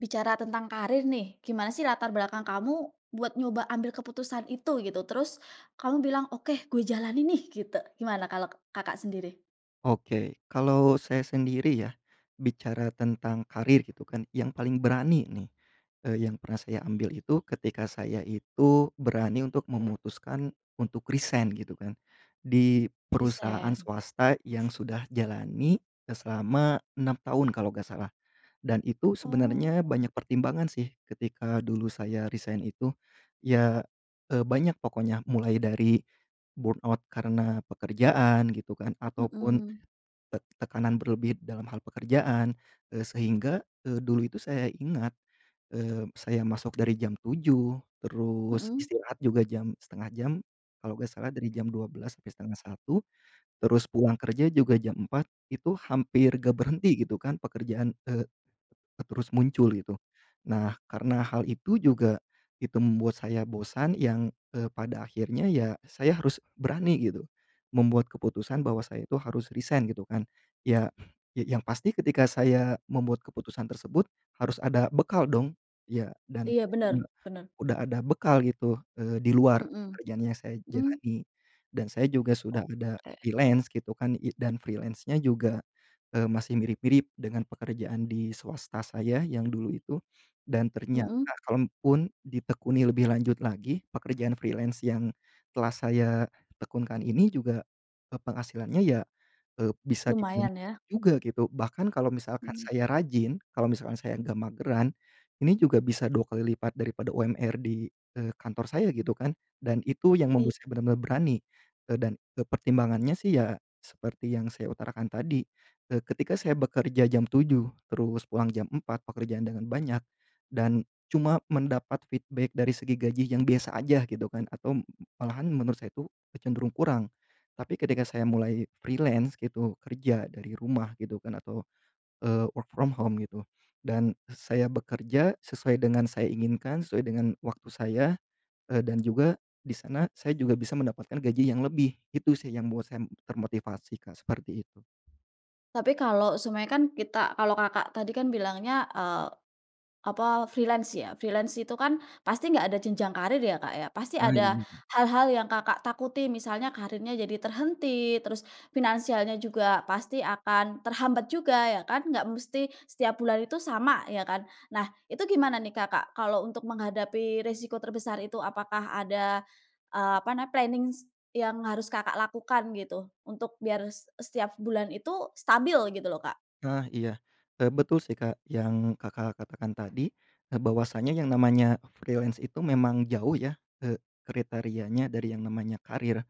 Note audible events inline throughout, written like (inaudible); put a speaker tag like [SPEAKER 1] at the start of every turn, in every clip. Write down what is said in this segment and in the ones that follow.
[SPEAKER 1] Bicara tentang karir nih, gimana sih latar belakang kamu buat nyoba ambil keputusan itu, gitu. Terus kamu bilang, oke, gue jalanin nih, gitu. Gimana kalau, Kakak, sendiri?
[SPEAKER 2] Oke, kalau saya sendiri ya, bicara tentang karir gitu kan yang paling berani nih, eee, yang pernah saya ambil itu ketika saya itu berani untuk memutuskan untuk resign gitu kan di perusahaan
[SPEAKER 1] Resign.
[SPEAKER 2] swasta yang sudah jalani, eee, selama 6 tahun kalau enggak salah. Dan itu sebenarnya
[SPEAKER 1] Oh.
[SPEAKER 2] banyak pertimbangan sih ketika dulu saya resign itu. Iya, eee, banyak pokoknya mulai dari, burn out karena pekerjaan gitu kan ataupun,
[SPEAKER 1] Mhm.
[SPEAKER 2] tek tekanan berlebih dalam hal pekerjaan, eee, sehingga, eee, dulu itu saya ingat, eee, saya masuk dari jam 7.00 terus
[SPEAKER 1] Mhm.
[SPEAKER 2] istirahat juga jam setengah jam kalau enggak salah dari jam 12.00 sampai 12:30 terus pulang kerja juga jam 4.00 itu hampir enggak berhenti gitu kan pekerjaan, eee, terus muncul gitu. Nah karena hal itu juga itu membuat saya bosan yang, eee, pada akhirnya ya saya harus berani gitu, membuat keputusan bahwa saya itu harus resign gitu kan. Ya ya yang pasti ketika saya membuat keputusan tersebut harus ada bekal dong, ya dan
[SPEAKER 1] Iya, bener bener.
[SPEAKER 2] udah ada bekal gitu, eee, di luar
[SPEAKER 1] Mhm,
[SPEAKER 2] kerjaan yang saya
[SPEAKER 1] mmm.
[SPEAKER 2] jalani, dan saya juga sudah ada
[SPEAKER 1] Oke.
[SPEAKER 2] freelance gitu kan i dan freelance-nya juga, eee, masih mirip-mirip dengan pekerjaan di swasta saya yang dulu itu dan ternyata
[SPEAKER 1] Mhm.
[SPEAKER 2] kalaupun ditekuni lebih lanjut lagi pekerjaan freelance yang telah saya tekun kan ini juga, pe penghasilannya ya, eee, bisa di
[SPEAKER 1] Lumayan
[SPEAKER 2] (unintelligible)
[SPEAKER 1] ya?
[SPEAKER 2] juga gitu. Bahkan kalau misalkan
[SPEAKER 1] Hmm.
[SPEAKER 2] saya rajin kalau misalkan saya enggak mageran. Ini juga bisa 2 kali lipat daripada UMR di, eee, kantor saya gitu kan. Dan itu yang
[SPEAKER 1] Iya.
[SPEAKER 2] membuat saya bener-bener berani, eee, dan, eee, pertimbangannya sih ya, seperti yang saya utarakan tadi, eee, ketika saya bekerja jam 7.00 terus pulang jam 4.00 pekerjaan dengan banyak dan cuma mendapat feedback dari segi gaji yang biasa aja gitu kan, atau malahan menurut saya itu cenderung kurang. Tapi ketika saya mulai freelance gitu kerja dari rumah gitu kan atau, eee, work from home gitu, dan saya bekerja sesuai dengan saya inginkan sesuai dengan waktu saya, eee, dan juga di sana saya juga bisa mendapatkan gaji yang lebih gitu sih, yang membuat saya termotivasi, Kak, seperti itu.
[SPEAKER 1] Tapi kalau seumpamanya kan kita kalau Kakak tadi kan bilangnya, eee, apa freelance ya. Freelance itu kan pasti nggak ada jenjang karier ya, Kak ya, pasti
[SPEAKER 2] Ah
[SPEAKER 1] ada
[SPEAKER 2] iya.
[SPEAKER 1] hal-hal yang Kakak takuti. Misalnya kariernya jadi terhenti, terus finansialnya juga pasti akan terhambat juga ya kan, nggak mesti setiap bulan itu sama, ya kan. Nah itu gimana nih Kakak kalau untuk menghadapi resiko terbesar itu? Apakah ada, eee, apa nam plannings yang harus Kakak lakukan gitu untuk biar s setiap bulan itu stabil gitu loh Kak?
[SPEAKER 2] Nah iya. Eee, betul sih Kak yang Kakak katakan tadi, eee, bahwasanya yang namanya freelance itu memang jauh ya, eee, kriterianya dari yang namanya karier.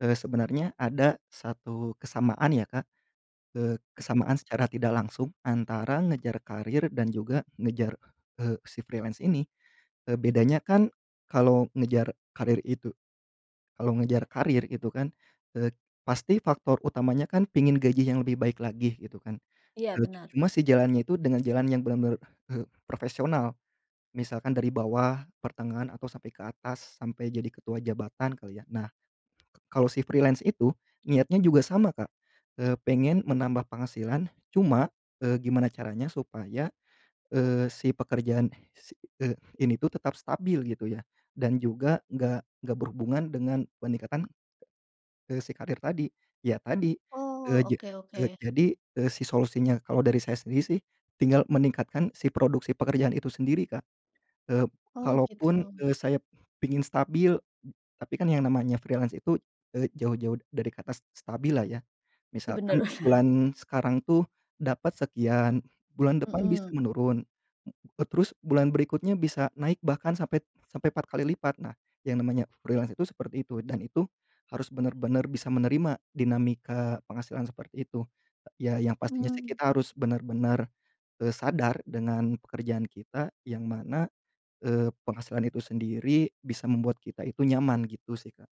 [SPEAKER 2] Eee, sebenernya ada 1 kesamaan ya Kak, eee, kesamaan secara tidak langsung antara ngejar karier dan juga ngejar, eee, si freelance ini. Eee, bedanya kan kalau ngejar karier itu kalau ngejar karier gitu kan, eee, pasti faktor utamanya kan pengen gaji yang lebih baik lagi gitu kan.
[SPEAKER 1] Iya
[SPEAKER 2] Eee,
[SPEAKER 1] benar.
[SPEAKER 2] cuma si jalannya itu dengan jalan yang benar-benar, eee, profesional. Misalkan dari bawah, pertengahan, atau sampai ke atas, sampai jadi ketua jabatan kali ya. Nah, kalau si freelance itu, niatnya juga sama Kak, eee, pengen menambah penghasilan, cuma, eee, gimana caranya supaya, eee, si pekerjaan si eee, ini tuh tetap stabil gitu ya. Dan juga enggak enggak berhubungan dengan peningkatan, eee, si karier tadi. Ya tadi, eee,
[SPEAKER 1] Oh,
[SPEAKER 2] jad
[SPEAKER 1] oke
[SPEAKER 2] eee,
[SPEAKER 1] oke.
[SPEAKER 2] jadi, eee, si solusinya, kalau dari saya sendiri sih tinggal meningkatkan si produksi pekerjaan itu sendiri Kak. Eee,
[SPEAKER 1] Oh
[SPEAKER 2] kalaupun,
[SPEAKER 1] gitu.
[SPEAKER 2] eee, saya pingin stabil, tapi kan yang namanya freelance itu, eee, jauh-jauh dari kata se stabil lah ya.
[SPEAKER 1] Ih bener
[SPEAKER 2] Misalkan
[SPEAKER 1] bener.
[SPEAKER 2] bulan sekarang tuh dapat sekian, bulan depan bisa
[SPEAKER 1] Mhm.
[SPEAKER 2] menurun, eee, terus bulan berikutnya bisa naik bahkan sampai sampai 4 kali lipat. Nah, yang namanya freelance itu seperti itu, dan itu harus bener-bener bisa menerima dinamika penghasilan seperti itu. Ya yang pastinya sih
[SPEAKER 1] Mmm.
[SPEAKER 2] kita harus bener-bener, eee, sadar dengan pekerjaan kita yang mana, eee, penghasilan itu sendiri bisa membuat kita itu nyaman gitu sih Kak.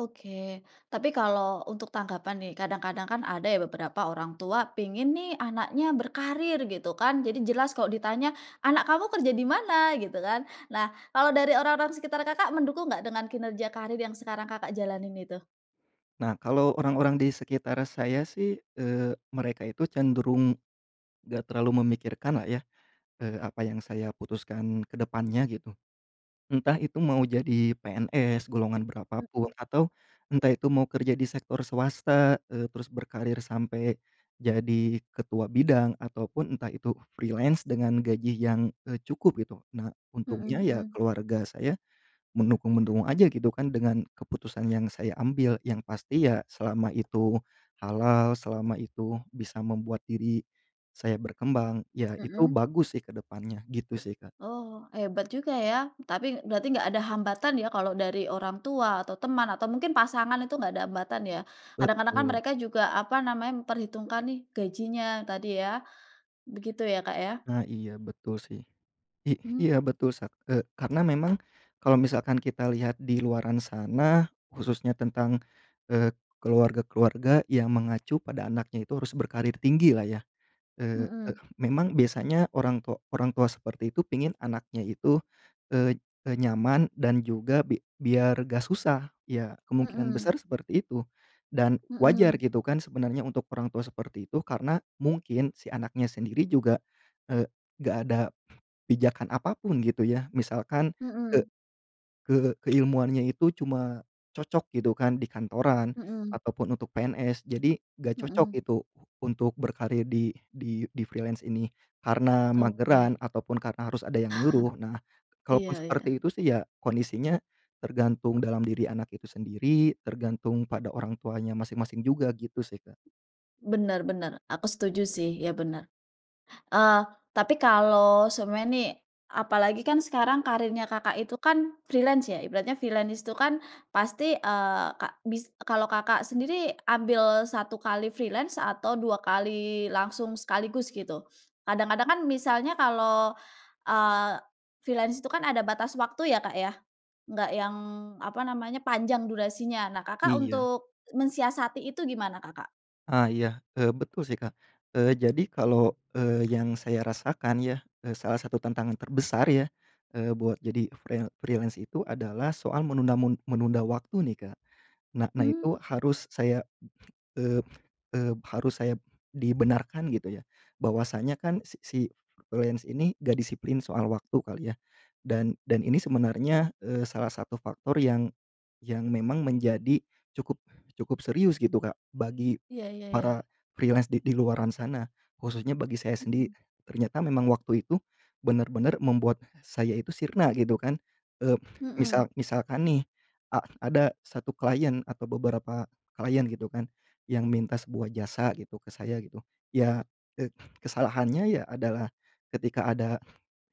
[SPEAKER 1] Oke. Tapi kalau untuk tanggapan nih, kadang-kadang kan ada ya beberapa orang tua pengen nih anaknya berkarir gitu kan. Jadi jelas kalau di tanya, "Anak kamu kerja di mana?" Gitu kan. Nah, kalau dari orang-orang sekitar Kakak, mendukung nggak dengan kinerja karir yang sekarang Kakak jalanin itu?
[SPEAKER 2] Nah, kalau orang-orang di sekitar saya sih, eee, mereka itu cenderung enggak terlalu memikirkan lah ya, eee, apa yang saya putuskan ke depan nya gitu. Entah itu mau jadi PNS, golongan berapa pun,
[SPEAKER 1] Mmm.
[SPEAKER 2] atau entah itu mau kerja di sektor swasta, eee, terus berkarir sampai jadi ketua bidang, ataupun entah itu freelance dengan gaji yang, eee, cukup gitu. Nah,
[SPEAKER 1] Hmm
[SPEAKER 2] untungnya ya
[SPEAKER 1] hmm.
[SPEAKER 2] keluarga saya mendukung-mendukung aja gitu kan dengan keputusan yang saya ambil. Yang pasti ya selama itu halal, selama itu bisa membuat diri saya berkembang. Ya itu
[SPEAKER 1] Hmm.
[SPEAKER 2] bagus sih ke depannya, gitu sih Kak.
[SPEAKER 1] Oh, hebat juga ya. Tapi berarti enggak ada hambatan ya kalau dari orang tua atau teman, atau mungkin pasangan itu enggak ada hambatan ya. Kadang-kadang kan
[SPEAKER 2] Betul.
[SPEAKER 1] mereka juga apa namanya, memperhitungkan nih gajinya tadi ya. Begitu ya Kak ya?
[SPEAKER 2] Nah. Iya betul sih. I
[SPEAKER 1] Mmm.
[SPEAKER 2] iya betul sa ee, karena memang kalau misalkan kita lihat di luaran sana, khususnya tentang, eee, keluarga-keluarga yang mengacu pada anaknya itu harus berkarir tinggi lah ya. Eee,
[SPEAKER 1] Mhm.
[SPEAKER 2] memang biasanya orang tua orang tua seperti itu pengen anaknya itu, eee, e nyaman dan juga bi biar enggak susah. Ya, kemungkinan besar
[SPEAKER 1] Mhm.
[SPEAKER 2] seperti itu. Dan wajar
[SPEAKER 1] Mhm.
[SPEAKER 2] gitu kan sebenarnya untuk orang tua seperti itu. Karena mungkin si anaknya sendiri juga, eee, enggak ada pijakan apapun gitu ya. Misalkan ke
[SPEAKER 1] Mhm.
[SPEAKER 2] ke keilmuannya itu cuma cocok gitu kan di kantoran
[SPEAKER 1] Mhm.
[SPEAKER 2] ataupun untuk PNS. Jadi enggak cocok
[SPEAKER 1] Mhm.
[SPEAKER 2] itu untuk berkarir di di di freelance ini, karena
[SPEAKER 1] Oke.
[SPEAKER 2] mageran ataupun karena harus ada yang nyuruh. Nah
[SPEAKER 1] (chuckles)
[SPEAKER 2] kalaupun
[SPEAKER 1] Iya iya.
[SPEAKER 2] seperti itu sih ya kondisi nya tergantung dalam diri anak itu sendiri, tergantung pada orang tuanya masing-masing juga gitu sih Kak.
[SPEAKER 1] Bener bener. Aku setuju sih. Iya bener. Eee, tapi kalau sebenarnya nih, apalagi kan sekarang karirnya Kakak itu kan freelance ya. Ibaratnya freelance itu kan pasti, eee, kak bis eee, kalau Kakak sendiri ambil satu kali freelance atau dua kali langsung sekaligus gitu? Kadang-kadang kan misalnya kalau, eee, freelance itu kan ada batas waktu ya Kak ya, nggak yang apa nama nya, panjang durasinya. Nah Kakak
[SPEAKER 2] Iya.
[SPEAKER 1] untuk mensiasati itu gimana Kakak?
[SPEAKER 2] Ah iya, eee, betul sih Kak. Eee, jadi kalau, eee, yang saya rasakan ya, eee, salah satu tantangan terbesar ya, eee, buat jadi freel freelance itu adalah soal menunamun menunda waktu nih, Kak. Nah, nah itu
[SPEAKER 1] Mmm.
[SPEAKER 2] harus, saya, eee eee, harus saya, dibenarkan gitu ya. Bahwasanya kan, si si freelance ini, enggak disiplin soal waktu kali ya. Dan dan ini sebenarnya, eee, salah satu faktor yang yang memang menjadi cukup cukup serius gitu, Kak, bagi
[SPEAKER 1] Iya iya iya.
[SPEAKER 2] para freelance di di luaran sana, khususnya bagi saya sendiri.
[SPEAKER 1] Mhm.
[SPEAKER 2] Ternyata memang waktu itu, benar-benar membuat, saya itu sirna gitu kan, eee,
[SPEAKER 1] Mhm.
[SPEAKER 2] misal misalkan nih, a ada satu klien atau beberapa klien gitu kan, yang minta sebuah jasa gitu ke saya gitu, ya, eee, kesalahannya ya adalah, ketika ada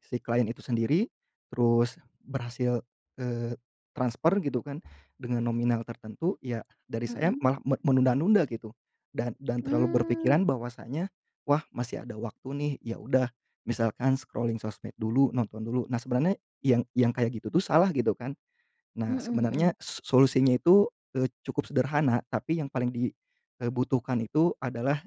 [SPEAKER 2] si klien itu sendiri, terus berhasil, eee, transfer gitu kan, dengan nominal tertentu, ya dari saya
[SPEAKER 1] Mhm.
[SPEAKER 2] malah me menunda-nunda gitu. Dan dan terlalu
[SPEAKER 1] Mmm.
[SPEAKER 2] berpikiran bahwasanya, wah masih ada waktu nih, ya udah, misalkan scrolling sosmed dulu, nonton dulu. Nah sebenarnya, yang yang kayak gitu tuh salah gitu kan.
[SPEAKER 1] Mhm
[SPEAKER 2] Nah sebenarnya,
[SPEAKER 1] mhm.
[SPEAKER 2] so solusinya itu, eee, cukup sederhana, tapi yang paling di, eee, butuhkan itu adalah,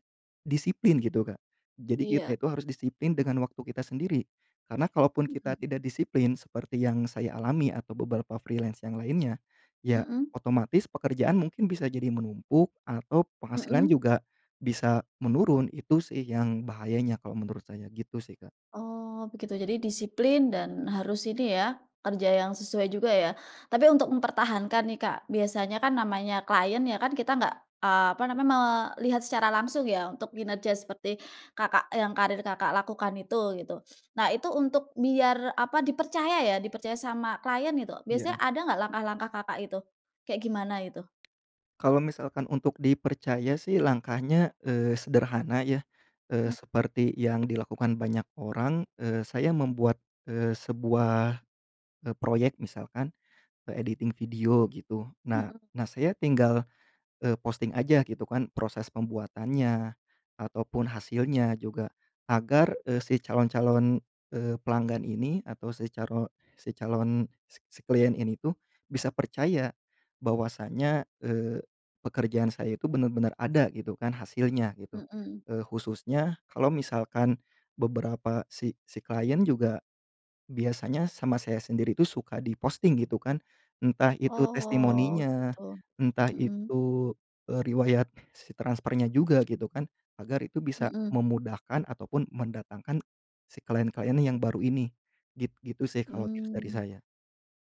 [SPEAKER 2] disiplin gitu, Kak. Jadi
[SPEAKER 1] Iya.
[SPEAKER 2] kita itu harus disiplin dengan waktu kita sendiri. Karena kalaupun
[SPEAKER 1] Mhm.
[SPEAKER 2] kita tidak disiplin, seperti yang saya alami atau beberapa freelance yang lainnya, ya,
[SPEAKER 1] Mhm.
[SPEAKER 2] otomatis pekerjaan mungkin bisa jadi menumpuk, atau penghasilan
[SPEAKER 1] Mhm.
[SPEAKER 2] juga, bisa menurun. Itu sih yang bahayanya, kalau menurut saya gitu sih, Kak.
[SPEAKER 1] Oh begitu, jadi disiplin, dan harus ini ya, kerja yang sesuai juga ya. Tapi untuk mempertahankan nih, Kak, biasanya kan namanya klien ya kan, kita nggak, eee, apa namanya, melihat secara langsung ya, untuk kinerja seperti, Kakak yang, karir Kakak lakukan itu, gitu. Nah, itu untuk biar, apa, dipercaya ya, dipercaya sama klien gitu,
[SPEAKER 2] Iya.
[SPEAKER 1] biasanya ada nggak langkah-langkah Kakak itu? Kayak gimana itu?
[SPEAKER 2] Kalau misalkan untuk dipercaya sih langkahnya, eee, sederhana ya, eee,
[SPEAKER 1] Mhm.
[SPEAKER 2] seperti yang dilakukan banyak orang, eee, saya membuat, eee, sebuah, eee, proyek misalkan, eee, editing video gitu. Nah
[SPEAKER 1] Mhm.
[SPEAKER 2] nah, saya tinggal, eee, posting aja gitu kan, proses pembuatannya, ataupun hasilnya juga, agar, eee, si calon-calon, eee, pelanggan ini, atau si caro si calon si si klien ini tuh, bisa percaya, bahwasanya, eee, pekerjaan saya itu benar-benar ada, gitu kan, hasilnya gitu.
[SPEAKER 1] Mhm.
[SPEAKER 2] Eee, khususnya, kalau misalkan, beberapa si si klien juga, biasanya sama saya sendiri itu suka di posting gitu kan. Entah itu
[SPEAKER 1] Oh
[SPEAKER 2] testimoninya,
[SPEAKER 1] gitu.
[SPEAKER 2] entah
[SPEAKER 1] Mhm.
[SPEAKER 2] itu, eee, riwayat si transfernya juga, gitu kan, agar itu bisa
[SPEAKER 1] Mhm.
[SPEAKER 2] memudahkan ataupun mendatangkan si klien-klien yang baru ini, git gitu sih kalau tips dari
[SPEAKER 1] Mmm.
[SPEAKER 2] saya.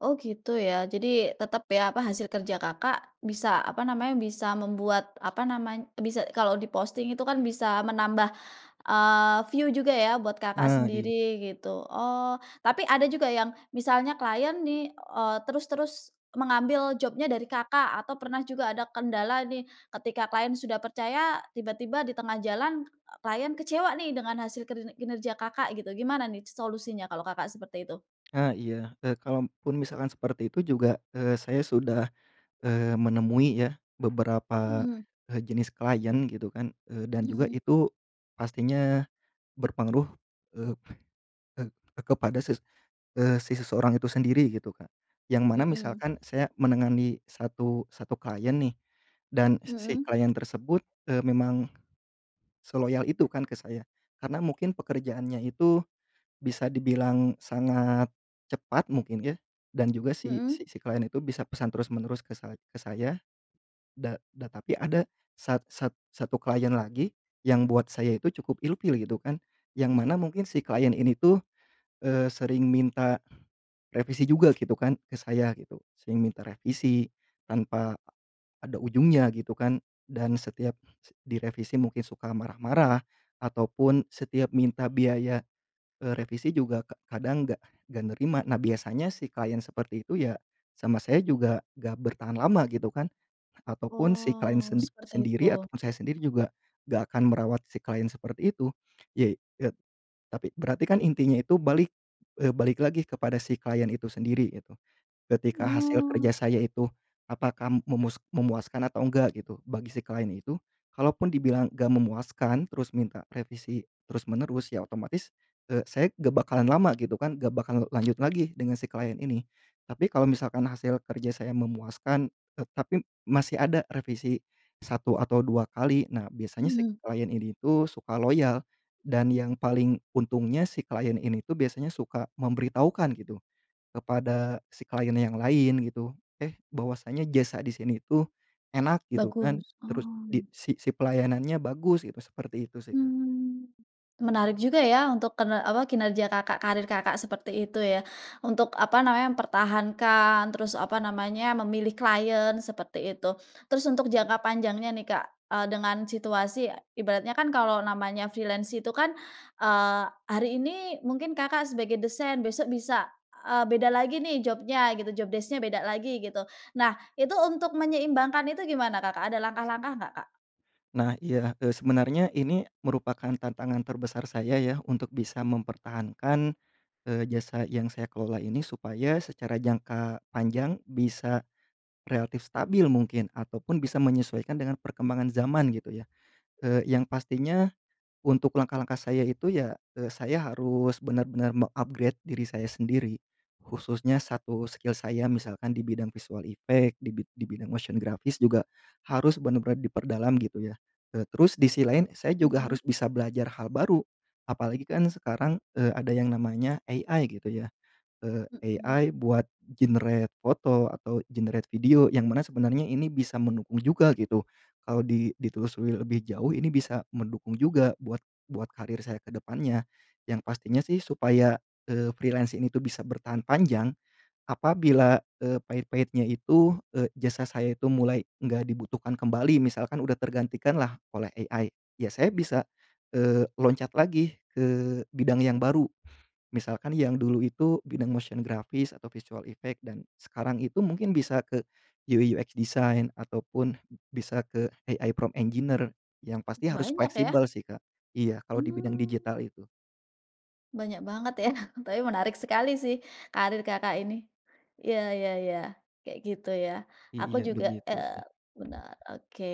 [SPEAKER 1] Oh gitu ya, jadi, tetap ya, apa hasil kerja Kakak, bisa apa namanya, bisa membuat, apa namanya, bisa kalau di posting itu kan bisa menambah, eee, view juga ya buat Kakak
[SPEAKER 2] Ah iya.
[SPEAKER 1] sendiri, gitu. Oh, tapi ada juga yang, misalnya klien nih, eee, terus terus mengambil job-nya dari Kakak, atau pernah juga ada kendala nih, ketika klien sudah percaya, tiba-tiba di tengah jalan, e klien kecewa nih dengan hasil kiner kinerja Kakak gitu. Gimana nih solusinya kalau Kakak, seperti itu?
[SPEAKER 2] Ah, iya, e kalaupun misalkan seperti itu juga, eee, saya sudah, eee, menemui ya beberapa,
[SPEAKER 1] Mhm.
[SPEAKER 2] e jenis klien gitu kan, eee, dan juga
[SPEAKER 1] Mhm.
[SPEAKER 2] itu pastinya berpengaruh, eee eee, kepada ses eee, sisi seseorang itu sendiri gitu Kak, yang mana
[SPEAKER 1] Mhm.
[SPEAKER 2] misalkan saya menangani satu satu klien nih, dan si si
[SPEAKER 1] Mhm?
[SPEAKER 2] klien tersebut, eee, memang seloyal itu kan ke saya. Karena mungkin pekerjaannya itu, bisa dibilang sangat cepat mungkin ya dan juga si
[SPEAKER 1] Mhm?
[SPEAKER 2] si si klien itu bisa pesan terus-menerus ke sa ke saya, da da tapi ada sat sat satu klien lagi yang buat saya itu cukup ilfil gitu kan. Yang mana mungkin si klien ini tuh, eee, sering minta revisi juga gitu kan ke saya gitu, sering minta revisi tanpa ada ujungnya gitu kan, dan setiap se direvisi mungkin suka marah-marah, ataupun setiap minta biaya, eee, revisi juga ka kadang enggak enggak nerima. Nah, biasanya si klien seperti itu ya, sama saya juga enggak bertahan lama gitu kan, ataupun si klien
[SPEAKER 1] Oh,
[SPEAKER 2] sendi
[SPEAKER 1] seperti
[SPEAKER 2] sendiri
[SPEAKER 1] itu.
[SPEAKER 2] ataupun saya sendiri juga enggak akan merawat si klien seperti itu. Yai e tapi berarti kan intinya itu balik, eee, balik lagi kepada si klien itu sendiri gitu. Ketika hasil kerja
[SPEAKER 1] Oh.
[SPEAKER 2] saya itu apakah memus memuaskan atau enggak gitu bagi si klien itu, kalaupun dibilang enggak memuaskan terus minta revisi terus menerus, ya otomatis, eee, saya enggak bakalan lama gitu kan, enggak bakalan lanjut lagi dengan si klien ini. Tapi kalau misalkan hasil kerja saya memuaskan, eee, tapi masih ada revisi 1 atau 2 kali, nah biasanya si
[SPEAKER 1] Mhm.
[SPEAKER 2] klien ini tuh suka loyal dan yang paling untungnya si klien ini itu biasanya suka memberitahukan gitu, kepada si klien yang lain gitu. "Eh bahwasanya jasa di sini itu enak" gitu kan,
[SPEAKER 1] Bagus,
[SPEAKER 2] terus di
[SPEAKER 1] oh.
[SPEAKER 2] si "si pelayanannya bagus itu" seperti itu sih, Kak.
[SPEAKER 1] Mmm. Menarik juga ya untuk kener apa, kinerja Kakak, karir Kakak seperti itu ya, untuk, apa namanya, mempertahankan terus, apa namanya, memilih klien seperti itu. Terus untuk jangka panjangnya nih Kak, eee, dengan situasi ibaratnya kan kalau namanya freelance itu kan, eee, hari ini mungkin Kakak sebagai desain, besok bisa, eee, beda lagi nih job-nya gitu, job desc-nya beda lagi gitu. Nah, itu untuk menyeimbangkan itu gimana Kakak, ada langkah-langkah nggak, Kak?
[SPEAKER 2] Nah iya, eee, sebenarnya ini merupakan tantangan terbesar saya ya untuk bisa mempertahankan, eee, jasa yang saya kelola ini supaya secara jangka panjang bisa relatif stabil mungkin ataupun bisa menyesuaikan dengan perkembangan zaman gitu ya, eee, yang pastinya untuk langkah-langkah saya itu ya, eee, saya harus bener-bener meng-upgrade diri saya sendiri. Khususnya 1 skill saya misalkan di bidang visual effect, di bid di bidang motion grafis juga harus bener-bener diperdalam gitu ya, eee, terus di sisi lain saya juga
[SPEAKER 1] Mhm.
[SPEAKER 2] harus bisa belajar hal baru. Apalagi kan sekarang, eee, ada yang namanya AI gitu ya, eee,
[SPEAKER 1] Mhm.
[SPEAKER 2] AI buat generate foto atau generate video yang mana sebenarnya ini bisa mendukung juga gitu. Kalau di ditelusuri lebih jauh ini bisa mendukung juga buat buat karier saya ke depannya. Yang pastinya sih supaya, eee, freelance ini itu bisa bertahan panjang, apabila, eee, pahit-pahitnya itu, eee, jasa saya itu mulai enggak dibutuhkan kembali, misalkan udah tergantikan lah oleh AI ya saya bisa, eee, loncat lagi ke bidang yang baru. Misalkan yang dulu itu bidang motion grafis atau visual effect dan sekarang itu mungkin bisa ke UI/UX design ataupun bisa ke AI prompt engineer, yang pasti harus
[SPEAKER 1] Banyak ya?
[SPEAKER 2] fleksibel sih, Kak. Iya kalau di bidang
[SPEAKER 1] Mmm.
[SPEAKER 2] digital itu.
[SPEAKER 1] Banyak banget ya, tapi menarik sekali sih karir, Kakak, ini. Iya iya iya, kayak gitu ya. Aku
[SPEAKER 2] Iya,
[SPEAKER 1] juga
[SPEAKER 2] begitu
[SPEAKER 1] eee,
[SPEAKER 2] sih.
[SPEAKER 1] benar, oke.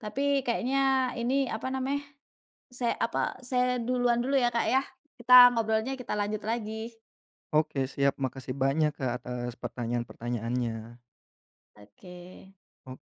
[SPEAKER 1] Tapi kayaknya ini, apa namanya, say apa saya duluan dulu ya, Kak, ya. Kita ngobrolnya kita lanjut lagi.
[SPEAKER 2] Oke siap. Makasih banyak, Kak, atas pertanyaan-pertanyaannya.
[SPEAKER 1] Oke.
[SPEAKER 2] Ok